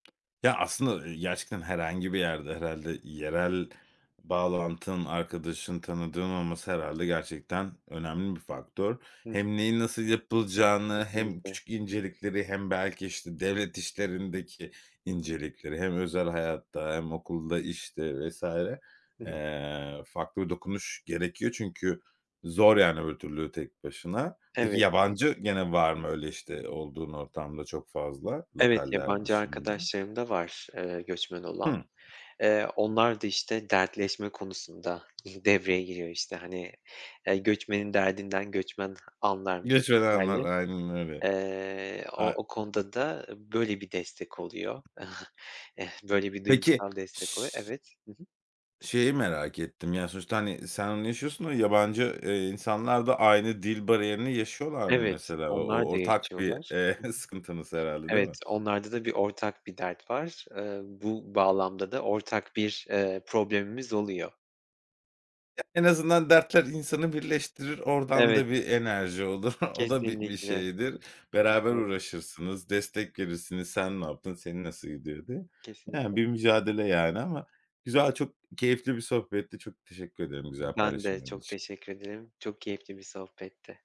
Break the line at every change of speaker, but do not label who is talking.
Ya, aslında, ııı, gerçekten herhangi bir yerde herhâlde yerel bağlantın, arkadaşın, tanıdığın olması herhâlde gerçekten önemli bir faktör.
Hıh.
Hem neyin nasıl yapılacağını hem
Kesinlikle.
küçük incelikleri hem belki, işte, devlet işlerindeki incelikleri hem özel hayatta hem okulda, işte, vs.
Hı hı.
eee, farklı bir dokunuş gerekiyor çünkü zor, yani, öbür türlü tek başına. Peki,
Evet.
yabancı gene var mı öyle, işte, olduğun ortamda çok fazla
Evet,
lokaller
yabancı
dışında?
arkadaşlarım da var, eee, göçmen olan.
Hıı.
Eee, onlar da, işte, dertleşme konusunda devreye giriyor, işte, hani, eee, göçmenin derdinden göçmen anlarmış
Göç edenler,
misali.
aynen öyle.
Eee, o
Ay
o konuda da böyle bir destek oluyor. Böyle bir
Peki,
duygusal destek
ş
oluyor. Evet. Hı hı.
şeyi merak ettim ya sonuçta, hani, sen onu yaşıyorsun da yabancı, eee, insanlar da aynı dil bariyerini yaşıyorlar mı
Evet,
mesela? O o
onlar da
ortak bir,
yaşıyorlar.
eee, sıkıntınız herhâlde,
Hı hı.
değil
Evet,
mi?
onlarda da bir ortak bir dert var. Eee, bu bağlamda da ortak bir, eee, problemimiz oluyor.
En azından dertler insanı birleştirir, oradan
Evet.
da bir enerji olur. O da bir bir
Kesinlikle
şeydir. Beraber
[unintelligible]
uğraşırsınız, destek verirsiniz. "Sen ne yaptın, seni nasıl gidiyor?" diye. Yani,
Kesinlikle.
bir mücadele, yani, ama güzel, çok keyifli bir sohbetti. Çok teşekkür ederim güzel
Ben de
paylaşımların
çok
için.
teşekkür ederim. Çok keyifli bir sohbetti.